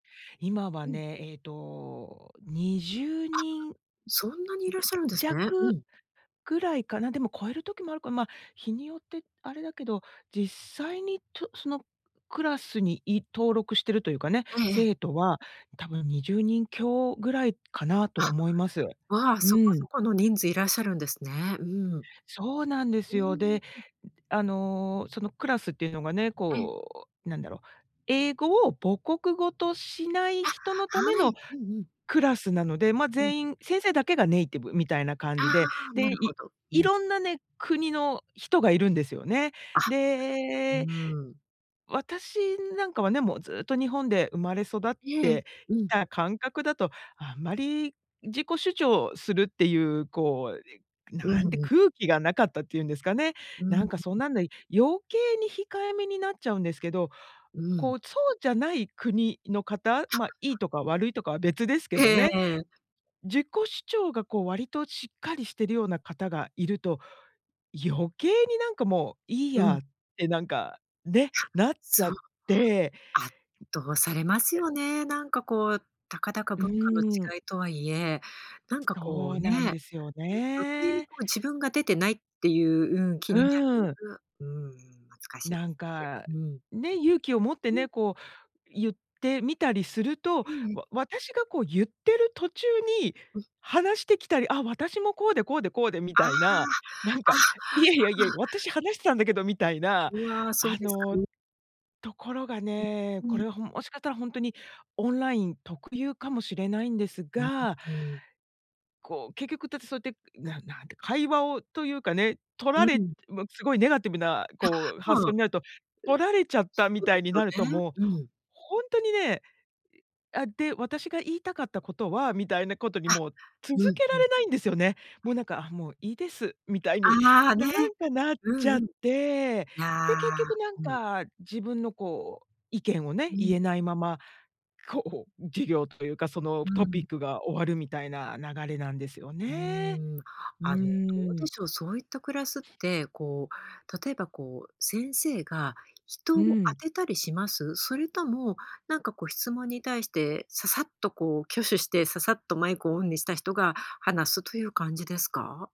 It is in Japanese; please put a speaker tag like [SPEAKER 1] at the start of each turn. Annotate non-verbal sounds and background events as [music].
[SPEAKER 1] 今は
[SPEAKER 2] うん。
[SPEAKER 1] ね、ええと、にじゅう
[SPEAKER 2] あ、
[SPEAKER 1] にんじ
[SPEAKER 2] そんなにいらっ
[SPEAKER 1] ゅ
[SPEAKER 2] しゃるんですね。う
[SPEAKER 1] 弱
[SPEAKER 2] ん。
[SPEAKER 1] ぐらいかな。でも超える時もあるから、まあ、日によってあれだけど、実際にとそのクラスにい登録してるというかね、
[SPEAKER 2] ええええ。
[SPEAKER 1] 生徒は、多分20人強ぐらいかなと
[SPEAKER 2] あ、
[SPEAKER 1] 思います。
[SPEAKER 2] うわ、
[SPEAKER 1] う
[SPEAKER 2] そこそ
[SPEAKER 1] ん。
[SPEAKER 2] この人数いらっしゃるんですね。うん。
[SPEAKER 1] そうなんで
[SPEAKER 2] う
[SPEAKER 1] す
[SPEAKER 2] ーん。
[SPEAKER 1] よ。で、
[SPEAKER 2] うん。
[SPEAKER 1] あの、そのクラスっていうのがね、
[SPEAKER 2] ええ。
[SPEAKER 1] こう、なんだろう、英語を母国語としない
[SPEAKER 2] あ、
[SPEAKER 1] 人のた
[SPEAKER 2] は
[SPEAKER 1] めの、
[SPEAKER 2] い、うんうん。
[SPEAKER 1] クラスなので。まあ、
[SPEAKER 2] うん。
[SPEAKER 1] 全員先生だけがネイティブみたいな感
[SPEAKER 2] あ
[SPEAKER 1] じで。
[SPEAKER 2] あ、な
[SPEAKER 1] で、
[SPEAKER 2] るほ
[SPEAKER 1] い
[SPEAKER 2] ど。う
[SPEAKER 1] い
[SPEAKER 2] ん。
[SPEAKER 1] ろんなね、国の人がいるんですよね。
[SPEAKER 2] あ、う、
[SPEAKER 1] で、
[SPEAKER 2] うーん。
[SPEAKER 1] 私なんかはね、もうずっと日本で生まれ育っ
[SPEAKER 2] ええ、
[SPEAKER 1] て
[SPEAKER 2] う
[SPEAKER 1] き
[SPEAKER 2] ん。
[SPEAKER 1] た感覚だと、あんまり、自己主張するっていう、こう、
[SPEAKER 2] う
[SPEAKER 1] な
[SPEAKER 2] ん
[SPEAKER 1] んて
[SPEAKER 2] うん。
[SPEAKER 1] 空気がなかったってゆんですかね。
[SPEAKER 2] うん。
[SPEAKER 1] な
[SPEAKER 2] ん、
[SPEAKER 1] ん
[SPEAKER 2] ん。
[SPEAKER 1] かそんなんで、余計に控えめになっちゃうんですけど。
[SPEAKER 2] うん。
[SPEAKER 1] こう、そうじゃない国の方、
[SPEAKER 2] た
[SPEAKER 1] ま、
[SPEAKER 2] まには。
[SPEAKER 1] いいとか悪いとかは別です
[SPEAKER 2] え
[SPEAKER 1] け
[SPEAKER 2] え
[SPEAKER 1] ど
[SPEAKER 2] え
[SPEAKER 1] ね、
[SPEAKER 2] えええ。
[SPEAKER 1] 自己主張が、こう、割としっかりしてるような方がいると、余計になんかもう、いい
[SPEAKER 2] うん。
[SPEAKER 1] や、ってなんか、ね、なっち
[SPEAKER 2] そ
[SPEAKER 1] ゃ
[SPEAKER 2] う、そ
[SPEAKER 1] っ
[SPEAKER 2] う。
[SPEAKER 1] て。
[SPEAKER 2] 圧倒されます
[SPEAKER 1] え
[SPEAKER 2] よね。なんかこう、たかだか
[SPEAKER 1] う
[SPEAKER 2] 文化の
[SPEAKER 1] ーん。
[SPEAKER 2] 違いとはいえ、なんかこ
[SPEAKER 1] そ
[SPEAKER 2] う
[SPEAKER 1] う
[SPEAKER 2] ね、
[SPEAKER 1] なんです
[SPEAKER 2] う
[SPEAKER 1] よ
[SPEAKER 2] ん、余計に
[SPEAKER 1] ね。
[SPEAKER 2] こう自分が出てないっていう、うん、気にな
[SPEAKER 1] う
[SPEAKER 2] る。
[SPEAKER 1] ん。
[SPEAKER 2] うわうん、むつかしいで
[SPEAKER 1] なん
[SPEAKER 2] す
[SPEAKER 1] か、
[SPEAKER 2] よね、うん。
[SPEAKER 1] ね。勇気を持って
[SPEAKER 2] うん。
[SPEAKER 1] ね、こうゆってみたりすると、
[SPEAKER 2] うんうん、
[SPEAKER 1] わ私がこうゆってる途中に、
[SPEAKER 2] うん。
[SPEAKER 1] 話してきたり、あ、私も、こうでこうでこうで、み
[SPEAKER 2] ああ、
[SPEAKER 1] たいな。なん
[SPEAKER 2] あ、あ
[SPEAKER 1] か、
[SPEAKER 2] あ。
[SPEAKER 1] いやいやいや、私、話してたんだけどみたいな。
[SPEAKER 2] うわ、そう
[SPEAKER 1] あ
[SPEAKER 2] ですか
[SPEAKER 1] の、
[SPEAKER 2] ね。
[SPEAKER 1] ところが
[SPEAKER 2] う、
[SPEAKER 1] ね、
[SPEAKER 2] う
[SPEAKER 1] こ
[SPEAKER 2] ん。
[SPEAKER 1] れはほんもしかしたらほんとに、オンライン特有かもしれないんです
[SPEAKER 2] [unintelligible]
[SPEAKER 1] が、
[SPEAKER 2] て。
[SPEAKER 1] こう、結局だってそうやって、ななんて会話を、というかね、取
[SPEAKER 2] う
[SPEAKER 1] られ
[SPEAKER 2] ん。
[SPEAKER 1] もうすごいネガティブな
[SPEAKER 2] あ、
[SPEAKER 1] こう発
[SPEAKER 2] そ
[SPEAKER 1] 想
[SPEAKER 2] う。
[SPEAKER 1] になると、取られちゃった
[SPEAKER 2] そ
[SPEAKER 1] み
[SPEAKER 2] うで
[SPEAKER 1] たいになる
[SPEAKER 2] す
[SPEAKER 1] と、
[SPEAKER 2] よね、
[SPEAKER 1] もう
[SPEAKER 2] うん。
[SPEAKER 1] ほんとにねあ、で、私が言いたかったことは、みたいなことに
[SPEAKER 2] あ、
[SPEAKER 1] も、
[SPEAKER 2] う
[SPEAKER 1] 続
[SPEAKER 2] ん、
[SPEAKER 1] け
[SPEAKER 2] う
[SPEAKER 1] ら
[SPEAKER 2] ん。
[SPEAKER 1] れないんですよね。
[SPEAKER 2] は
[SPEAKER 1] もう
[SPEAKER 2] い。
[SPEAKER 1] なんか、もういいです、みたいに、
[SPEAKER 2] ああ、
[SPEAKER 1] な
[SPEAKER 2] ね。
[SPEAKER 1] んかなっ
[SPEAKER 2] う
[SPEAKER 1] ち
[SPEAKER 2] ん
[SPEAKER 1] ゃ
[SPEAKER 2] う
[SPEAKER 1] っ
[SPEAKER 2] ん。
[SPEAKER 1] て。で、
[SPEAKER 2] あ
[SPEAKER 1] 結
[SPEAKER 2] あ、
[SPEAKER 1] 局なん
[SPEAKER 2] うん。
[SPEAKER 1] か、自分のこう、意見をね、
[SPEAKER 2] う
[SPEAKER 1] 言
[SPEAKER 2] ん。
[SPEAKER 1] えないまま、こほ授業というか、その
[SPEAKER 2] う
[SPEAKER 1] トピ
[SPEAKER 2] ん。
[SPEAKER 1] ックが終わる、みたいな流れなんですよ
[SPEAKER 2] うー
[SPEAKER 1] ね。
[SPEAKER 2] ん、
[SPEAKER 1] う
[SPEAKER 2] あの、どう
[SPEAKER 1] ー
[SPEAKER 2] で
[SPEAKER 1] ん。
[SPEAKER 2] しょう。そういったクラスって、こう、例えば、こう、先生が人
[SPEAKER 1] う
[SPEAKER 2] を当
[SPEAKER 1] ん。
[SPEAKER 2] てたりします？それとも、なんか、こう、質問に対して、ささっとこう挙手して、ささっとマイクをオンにした人が、話すという感じですか？